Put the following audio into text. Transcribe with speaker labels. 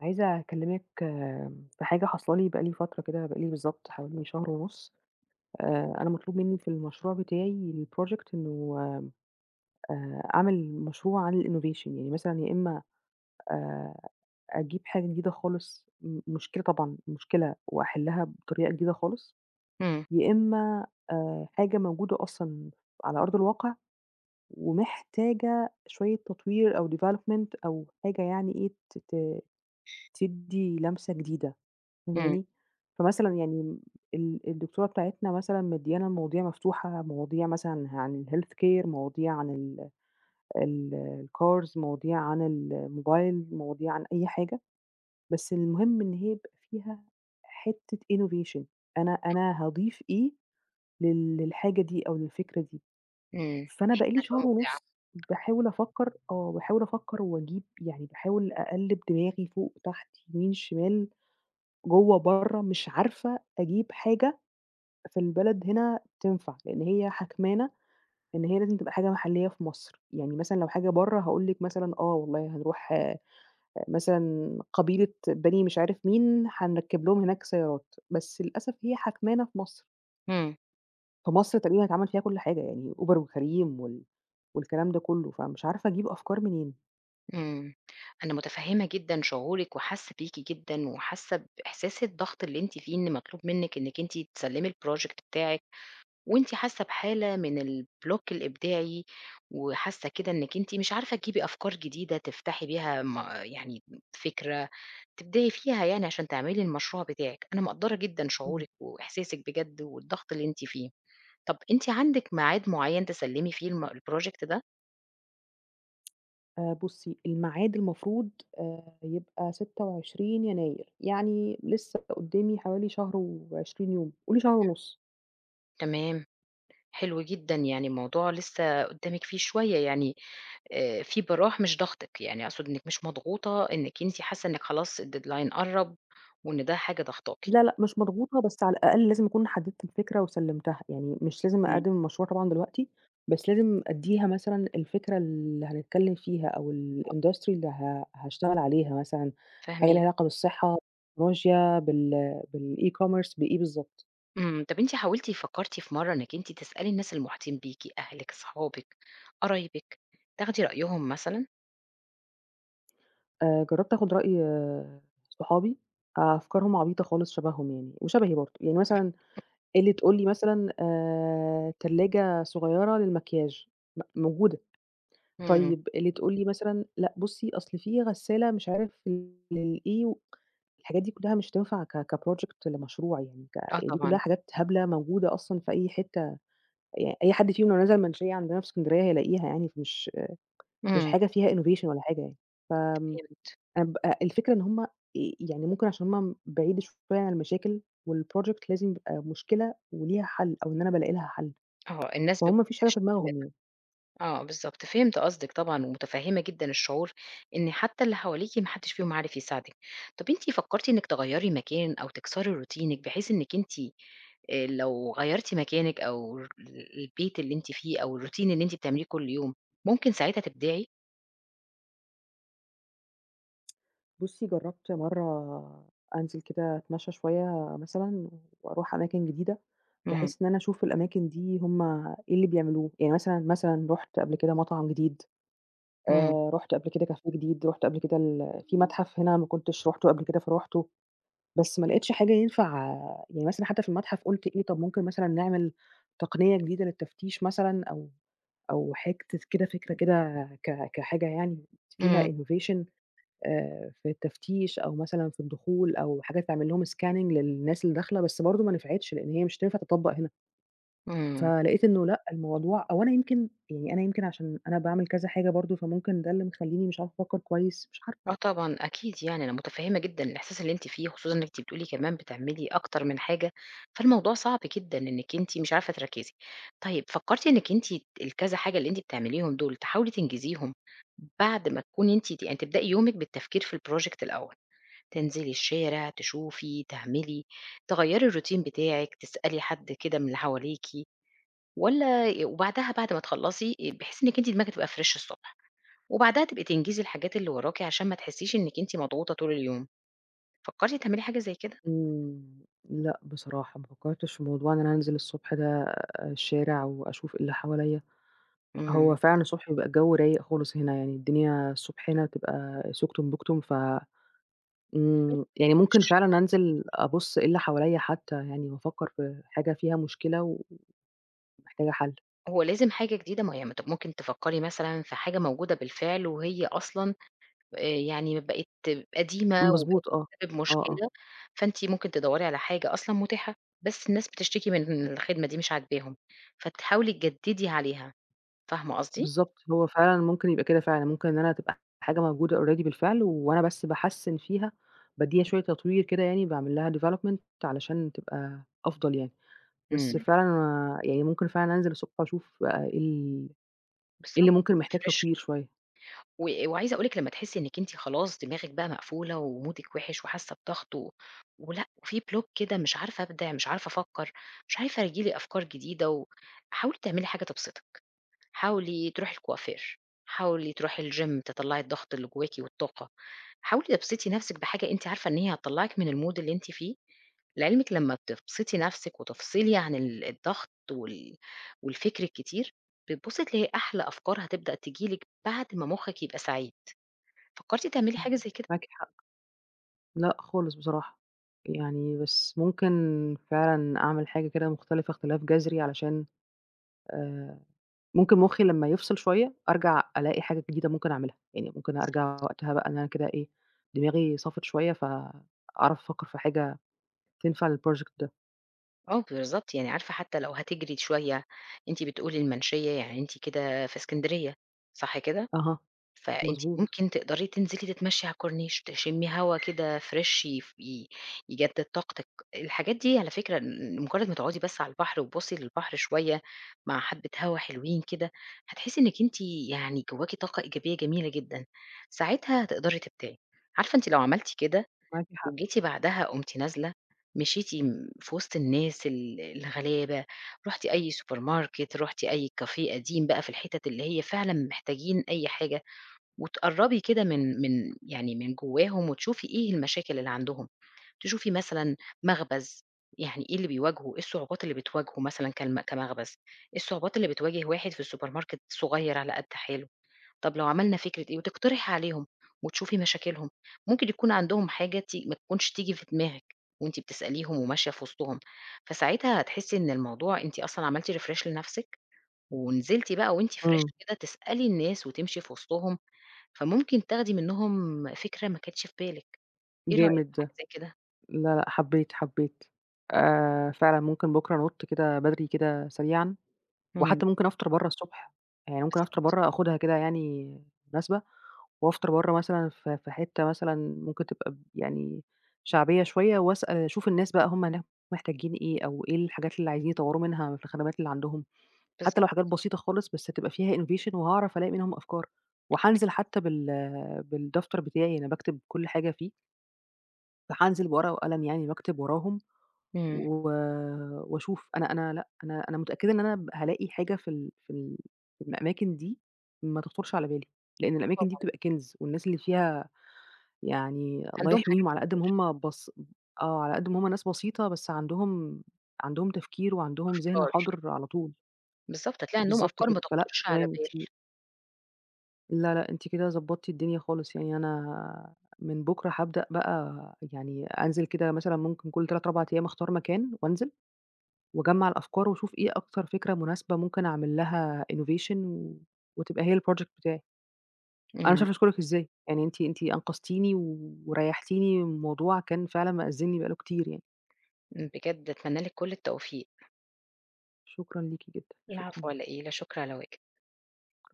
Speaker 1: عايزة أكلّمِِك في حاجة حاصلة لي بقى لي فترة كده، بقى لي بالضبط حوالي شهر ونُص، آآ أنا مطلوب مِنّي في المشروع بتاعي الproject إنه آآ أعمِل مشروع عن الinnovation يعني مثلًا يا إمّا آآ أجيب حاجة جديدة خالص م مشكلة طبعًا، مشكلة وأحِلها بطريقة جديدة خالص،
Speaker 2: إمم.
Speaker 1: يا إمّا آآ حاجة موجودة أصلًا على أرض الواقع، ومحتاجة شوية تطوير أو development أو حاجة يعني إيه ت ت تدّي لمسة جديدة.
Speaker 2: إمم.
Speaker 1: فاهماني؟ فمثلًا يعني م ال الدكتوره بتاعتنا مثلًا مديانا المواضيع مفتوحة مواضيع مثلًا ه عن الhealthcare مواضيع عن ال الcars مواضيع عن الموبايل، مواضيع عن أي حاجة، بس المهم إن هي يبقى فيها حِتّة innovation أنا
Speaker 2: طَب
Speaker 1: أنا هاضيف إيه لل للحاجة دي أو للفكرة دي؟
Speaker 2: إمم. بحيث
Speaker 1: فأنا بقى لي
Speaker 2: إنّها تبقى
Speaker 1: شهر
Speaker 2: مُبدِعَة.
Speaker 1: ونُص باحاول أفكّر آه باحاول أفكّر وأجيب يعني باحاول أقَلّب دماغي فوق تحت يمين شمال جوّه برّه مش عارفة أجيب حاجة في البلد هنا تنفع؛ لإن هي حاكمانا إن هي لازم تبقى حاجة محليّة في مصر. يعني مثلًا لو حاجة برّه، هاقول لِك مثلًا آه والله هنروح مثلًا قبيلة بني مش عارف مين، هنركّب لهم هناك سيارات، بس للأسف هي حاكمانا في مصر.
Speaker 2: إمم.
Speaker 1: فمصر تقريبًا اتعمل فيها كل حاجة يعني Uber وCareem وال والكلام ده كُلّه فمش عارفة أجيب أفكار منين؟
Speaker 2: إمم أنا متفهمة جدًا شعورِك وحاسة بيكِ جدًا وحاسة بإحساس الضغط اللي أنتِ فيه، إن مطلوب منِك إنِك أنتِ تسلمي الProject بتاعِك وأنتِ حاسة بحالة من الBlock الإبداعي وحاسة كده إنِك أنتِ مش عارفة تجيبي أفكار جديدة، تفتحي بيها ما يعني فكرة، تبدئي فيها يعني عشان تعملي المشروع بتاعِك. أنا مقدّرة جدًا
Speaker 1: إمم.
Speaker 2: شعورِك وإحساسِك بجد والضغط اللي أنتِ فيه. طَب أنتِ عندِك ميعاد معيّن تسلمي فيه الم الProject ده؟
Speaker 1: آآ بُصي الميعاد المفروض آآ يبقى 26 يناير يعني لِسّه قدامي حوالي شهر و20 يوم قولِي شهر ونُص.
Speaker 2: تمام، حلو جدًا، يعني الموضوع لِسّه قدامِك فيه شوية يعني آآ فيه براح مش ضغطِك، يعني أقصد إنِك مش مضغوطة إنِك أنتِ حاسة إنِك خلاص الDeadline قرّب وإن ده حاجة ضغطاكِ.
Speaker 1: لا لأ مش مضغوطة، بس على الأقل لازم أكون حددت الفكرة وسلمتها، يعني مش لازم
Speaker 2: إمم.
Speaker 1: أقدّم المشروع طبعًا دلوقتي، بس لازم أدّيها مثلًا الفكرة اللي هنتكلم فيها أو الIndustry اللي ه هاشتغل عليها مثلًا حاجة ليها
Speaker 2: فاهماكِ.
Speaker 1: علاقة بالصحة [unintelligible] بال بالE-commerce بإيه بالضبط.
Speaker 2: إمم، طَب أنتِ حاولتِ فكرتِ في مرة إنِّك أنتِ تسألي الناس المحيطين بيكِ، أهلِك، صحابِك، قرايبِك، تاخدي رأيهم مثلًا؟
Speaker 1: آآ جربت آخد رأي صحابي، أفكارهم عبيطة خالص شبههم يعني، وشبهي برضه، يعني مثلًا اللي تقول لي مثلًا آآ تلاجة صغيّرة للمكياج، م موجودة،
Speaker 2: إمم.
Speaker 1: طيب اللي تقول لي مثلًا لأ بُصّي أصل فيه غسالة مش عارف ل للإيه، الحاجات دي كلها مش هتنفع ك كproject لمشروع، يعني ك
Speaker 2: آه
Speaker 1: دي كلها
Speaker 2: طبعًا.
Speaker 1: حاجات هبلة موجودة أصلًا في أي حتة، يعني أي حد فيهم لو نزل المنشية عندنا في اسكندرية هيلاقيها يعني، فمش مش
Speaker 2: إمم.
Speaker 1: حاجة فيها innovation والا حاجة يعني، ف
Speaker 2: فهمت.
Speaker 1: أنا بقى الفكرة إن هُم آآ يعني ممكن علشان هُم بعيد شوية عن المشاكل، والproject لازم يبقى مشكلة وليها حل أو إن أنا بالاقي لها حل،
Speaker 2: آه الناس بـ
Speaker 1: فهُم ما فيش حاجة في دماغهم
Speaker 2: [unintelligible]
Speaker 1: يعني.
Speaker 2: آه بالضبط، فهمت قصدِك طبعًا، ومتفهمة جدًا الشعور إن حتى اللي حواليكِ ما حدش فيهم عارف يساعدِك، طَب أنتِ فكرتِ إنِّك تغيري مكان أو تكسري روتينِك بحيث إنِّك أنتِ آآ لو غيرتِ مكانِك، أو البيت اللي أنتِ فيه، أو الroutine اللي أنتِ بتعمليه كل يوم، ممكن ساعتها تبدعي؟
Speaker 1: بُصّي، جرّبت مرّة أنزل كده أتمشّى شوية مثلًا وأروح أماكن جديدة
Speaker 2: إمم.
Speaker 1: بحيث إن أنا أشوف الأماكن دي هم إيه اللي بيعملوه؟ يعني مثلًا، مثلًا رُحت قبل كده مطعم جديد،
Speaker 2: إمم.
Speaker 1: آآ رُحت قبل كده كافيه جديد، رُحت قبل كده ال فيه مَتحَف هنا ما كنتش رُحته قبل كده، فرُحته، بس ما لقيتش حاجة ينفع يعني مثلًا حتّى في المَتحَف قُلت إيه، طَب ممكن مثلًا نعمل تقنية جديدة للتفتيش مثلًا أو أو حاجة ت كده فكرة كده ك كحاجة يعني فيها
Speaker 2: إمم.
Speaker 1: innovation آآ في التفتيش أو مثلًا في الدخول أو حاجة تعمل لهم scanning للناس اللي داخلة، بس برضه ما نفعتش لإن هي مش هتنفع تتطبق هنا.
Speaker 2: إمم.
Speaker 1: فلقيت إنّه لأ الموضوع أو أنا يمكن يعني أنا يمكن علشان أنا باعمل كذا حاجة برضه، فممكن ده اللي مخلّيني مش عارفة أفكّر كويس، مش عارفة.
Speaker 2: آه طبعًا، أكيد يعني أنا مُتفهِّمة جدًا الإحساس اللي أنت فيه، خصوصًا إن أنت بتقولي كمان بتعملي أكتر من حاجة، فالموضوع صعب جدًا إنِّك أنت مش عارفة تركزي. طيب، فكّرتِ إنِّك أنتِ الكذا حاجة اللي أنتِ بتعمليهم دُول، تحاولي تنجزيهم بعد ما تكوني أنتِ ت يعني تبدئي يومِك بالتفكير في الproject الأول؟ تنزلي الشارع، تشوفي، تعملي، تغيّري الروتين بتاعِك، تسألي حد كده من اللي حواليكِ والّا ي وبعدها بعد ما تخلّصي آآ بحيث إنِّك أنتِ دماغِك تبقى fresh الصبح. وبعدها تبقي تنجزي الحاجات اللي وراكِ علشان ما تحسّيش إنِّك أنتِ مضغوطة طول اليوم، فكّرتِ تعملي حاجة زي كده؟
Speaker 1: إمم. لأ بصراحة، ما فكّرتش في موضوع إن أنا أنزل الصبح ده الشارع وأشوف اللي حواليّا. هو
Speaker 2: إمم.
Speaker 1: فعلًا الصبح بيبقى الجَو رايق خالص هنا، يعني الدنيا الصبح هنا تبقى سُكتُم بُكتُم، ف امم، يعني ممكن
Speaker 2: [unintelligible]
Speaker 1: فعلًا أنزل أبُصّ إيه اللي حواليّا حتّى يعني وأفكّر في حاجة فيها مشكلة و ومحتاجة حَل.
Speaker 2: هو لازم حاجة جديدة؟ ما هو ي ممكن تفكّري مثلًا في حاجة موجودة بالفعل وهي أصلًا آآ يعني بقت قديمة وبقت
Speaker 1: مضبوط، آه،
Speaker 2: بتسبب
Speaker 1: آه، آه.
Speaker 2: مشكلة، فأنتِ ممكن تدوّري على حاجة أصلًا متاحة، بس الناس بتشتكي من إن الخِدمة دي مش عاجباهم، فتحاولي تجدّدي عليها، فاهمة قصدي؟
Speaker 1: بالضبط، هو فعلًا ممكن يبقى كده فعلًا ممكن إن أنا تبقى حاجة موجودة already بالفعل وأنا بس باحسّن فيها، بادّيها شوية تطوير كده يعني باعمل لها development علشان تبقى أفضل يعني، بس
Speaker 2: إمم.
Speaker 1: فعلًا أنا يعني ممكن فعلًا أنزل أسو أشوف إيه ال إيه
Speaker 2: بالضبط
Speaker 1: اللي ممكن محتاج
Speaker 2: وتrefresh
Speaker 1: تطوير
Speaker 2: كده.
Speaker 1: شوية.
Speaker 2: و وعايزة أقُول لِك لمّا تحسّي إنِك أنتِ خلاص دماغِك بقى مقفولة ومودِك وحش وحاسة بضغط و ولأ وفي block كده مش عارفة أبدِع، مش عارفة أفكّر، مش عارفة ييجي لي أفكار جديدة و حاولي تعملي حاجة تبسطِك، حاولي تروحي الكوافير، حاولي تروحي الgym، تطلّعي الضغط اللي جواكِ والطاقة، حاولي تبسطي نَفْسِك بحاجة أنتِ عارفة إن هي هتطلعك من الmood اللي أنتِ فيه، لعلمِك لمّا بتبسطي نفْسِك وتفصلي عن ال الضغط وال والفكر الكتير، بتبُصي تلاقي أحلى أفكار هتبدأ تيجي لِك بعد ما مخِك يبقى سعيد، فكرتِ تعملي
Speaker 1: إمم،
Speaker 2: حاجة زي كده؟
Speaker 1: معاكِ حق. لأ خالص بصراحة، يعني بس ممكن فعلًا أعمِل حاجة كده مختلفة اختلاف جذري، علشان آآ ممكن مُخي لمّا يفصل شوية، أرجع ألاقي حاجة جديدة ممكن أعملها، يعني ممكن أرجع
Speaker 2: بالضبط.
Speaker 1: وقتها بقى إن أنا كده إيه، دماغي صَفِت شوية فأعرف أفكّر في حاجة تنفع للproject ده.
Speaker 2: آه بالضبط، يعني عارفة حتى لو هتجري شوية، أنتِ بتقولي المنشية، يعني أنتِ كده في إسكندرية، صح كده؟
Speaker 1: أها،
Speaker 2: فأنتِ
Speaker 1: مضبوط.
Speaker 2: ممكن تقدري تنزلي تتمشي على الكورنيش، تشمّي هوا كده fresh ي ي-يجدد طاقتِك. الحاجات دي على فكرة م مجرد ما تُقعدي بس على البحر وتبُصي للبحر شوية مع حبّة هوا حلوين كده، هتحسّي إنّك أنتِ يعني جواكِ طاقة إيجابية جميلة جدًا، ساعتها تقدري تبدعي. عارفة أنتِ لو عملتِ كده
Speaker 1: معاكِ حق.
Speaker 2: وجيتِ بعدها قُمتِ نازلة، مشيتِ م في وسط الناس ال الغلابة، رُحتِ أي supermarket، رحتِ أي café قديم بقى في الحِتت اللي هي فعلًا محتاجين أي حاجة، وتقربي كده من من يعني من جواهم وتشوفي إيه المشاكل اللي عندهم. تشوفي مثلًا مخبز، يعني إيه اللي بيواجهه؟ إيه الصعوبات اللي بتواجهه مثلًا كلمَ كمخبز؟ إيه الصعوبات اللي بتواجه واحد في الsupermarket صغير على قد حاله؟ طَب لو عملنا فكرة إيه؟ وتقترحي عليهم وتشوفي مشاكلهم، ممكن يكون عندهم حاجة تي ما تكونش تيجي في دماغِك وأنتِ بتسأليهم وماشية في وسطهم، فساعتها هتحسي إن الموضوع أنتِ أصلًا عملتِ refresh لنفسِك، ونزلتِ بقى وأنتِ fresh
Speaker 1: إمم.
Speaker 2: كده تسألي الناس وتمشي في وسطهم، فممكن تاخدي منُّهم فكرة ما كانتش في بالِك، إيه رأيك
Speaker 1: جامد
Speaker 2: في حاجة
Speaker 1: ده.
Speaker 2: زي كده؟
Speaker 1: لا، لأ حبيت، حبيت. آآ، فعلًا ممكن بكره أنُط كده بدري كده سريعًا،
Speaker 2: امم.
Speaker 1: وحتى ممكن أفطر برّه الصبح، يعني ممكن أفطر
Speaker 2: بالضبط.
Speaker 1: برّه آخدها كده يعني مناسبة، وأفطر برّه مثلًا ف في حِتّة مثلًا ممكن تبقى ب يعني شعبية شوية واسأل أشوف الناس بقى هُم هناك محتاجين إيه، أو إيه الحاجات اللي عايزين يطوّروا منها في الخدمات اللي عندهم، حتى
Speaker 2: بالضبط.
Speaker 1: لو حاجات بسيطة خالص بس تبقى فيها innovation وهاعرف ألاقي منهم أفكار. وهانزل حتى بال بالدفتر بتاعي اللي أنا باكتب كل حاجة فيه. فهانزل بورقة وقلم يعني واكتب وراهم،
Speaker 2: امم.
Speaker 1: و وأشوف. أنا أنا لأ، أنا أنا متأكدة إن أنا ب هالاقي حاجة في ال في ال في الأماكن دي، ما تخطرش على بالي. لإن
Speaker 2: آه
Speaker 1: الأماكن دي
Speaker 2: طبعًا.
Speaker 1: بتبقى كنز والناس اللي فيها يعني الله
Speaker 2: عندهم حاجات
Speaker 1: يحميهم على قد ما
Speaker 2: كتير.
Speaker 1: هُم بس آه، على قد ما هُم ناس بسيطة بس عندهم عندهم تفكير وعندهم ذهن
Speaker 2: أفكار.
Speaker 1: حاضر على طول.
Speaker 2: بالضبط، هتلاقي عندهم
Speaker 1: بالضبط
Speaker 2: أفكار ما
Speaker 1: كده. فلأ،
Speaker 2: تخطرش على
Speaker 1: تمام
Speaker 2: البال.
Speaker 1: أنتِ لا، لأ أنتِ كده ضبّطتِ الدنيا خالص. يعني أنا من بُكرة هابدأ بقى، يعني أنزل كده مثلًا ممكن كل 3 4 أيّام أختار مكان وأنزل، وأجَمّع الأفكار وأشوف إيه أكتر فكرة مناسبة ممكن أعمل لها innovation وتبقى هي الproject بتاعي. أنا مش
Speaker 2: امم.
Speaker 1: عارفة أشكرِك إزاي. يعني أنتِ أنتِ أنقذتيني وريحتيني من موضوع كان فعلًا مأزّمني بقى له كتير يعني.
Speaker 2: امم. بجد اتمنى لِك كل التوفيق.
Speaker 1: شكرًا ليكِ جدًا، شكرًا
Speaker 2: العفو على
Speaker 1: ليكِ.
Speaker 2: إيه؟ لا شُكر على واجب.
Speaker 1: [unintelligible]